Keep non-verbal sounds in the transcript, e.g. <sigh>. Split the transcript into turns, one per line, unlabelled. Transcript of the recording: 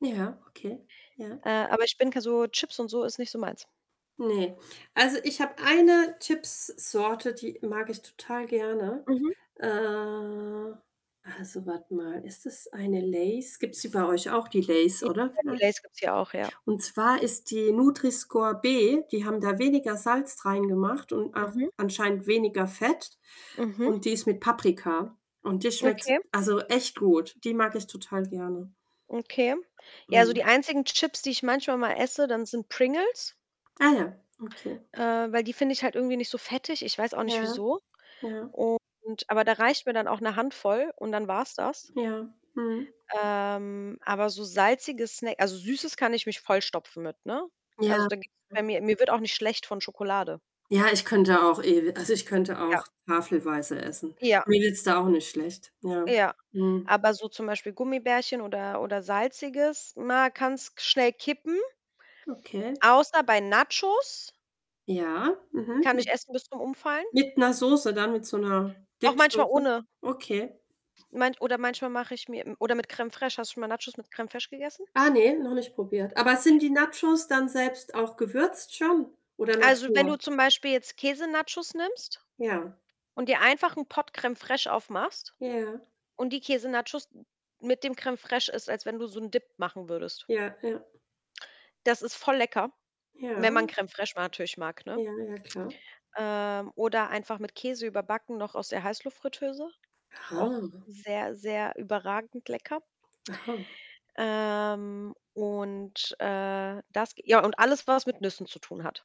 Ja, okay, ja.
Äh, aber ich denke so Chips und so ist nicht so meins.
Ne, also, ich habe eine Chipssorte, die mag ich total gerne.
Mhm.
Äh, also, warte mal, ist das eine Lay's? Gibt's die bei euch auch, die Lay's
Ja,
oder?
die
Ne?
Lay's gibt's hier auch, ja.
Und zwar ist die Nutri-Score-B, die haben da weniger Salz reingemacht und auch
Mhm.
anscheinend weniger Fett,
Mhm.
und die ist mit Paprika, und die schmeckt,
Okay.
also, echt gut. Die mag ich total gerne.
Okay. Ja, so
Mhm.
die einzigen Chips, die ich manchmal mal esse dann, sind Pringles
Ah ja, okay.
äh, weil die finde ich halt irgendwie nicht so fettig. Ich weiß auch
Ja,
nicht wieso
ja, ja.
und aber da reicht mir dann auch 'ne Handvoll und dann war's das.
Ja, mhm.
Ähm, aber so salzige snä also, Süßes kann ich mich vollstopfen mit, ne? Also,
Ja
da gibt's bei
Hm.
mir mir wird auch nicht schlecht von Schokolade.
Ja, ich könnte auch, ewi also, ich könnte
Ja.
auch tafelweise essen.
Ja.
Mir geht's da auch nicht schlecht. Ja.
Ja.
Mhm.
Aber so zum Beispiel Gummibärchen oder oder Salziges, na, kann's schnell kippen.
Okay.
Außer bei Nachos
Ja.
die
Mhm.
kann ich
Mit
essen bis zum Umfallen.
Mit 'ner Soße dann, mit so 'ner
Auch manchmal
Dip-Soße.
ohne
Okay.
Meint oder manchmal mache ich mir m oder mit Crème fraîche. Hast du mal Nachos mit Crème fraîche gegessen?
Ah ne, noch nicht probiert. Aber sind die Nachos dann selbst auch gewürzt schon, oder
Also, wenn du
Natur?
zum Beispiel jetzt Käse-Nachos nimmst
Ja.
und dir einfach 'n Pott Crème fraîche aufmachst
Ja.
und die Käse-Nachos <unintelligible> mit dem Crème fraîche isst, als wenn du so 'n Dip machen würdest.
Ja, ja.
Das ist voll lecker, wenn
Ja.
man Crème fraîche ma natürlich mag, ne?
Ja, ja, klar.
Ähm, oder einfach mit Käse überbacken noch aus der Heißluftfritteuse. Auch
Aha.
sehr, sehr überragend lecker.
Aha.
Ähm, und, äh, das ja, und alles, was mit Nüssen zu tun hat.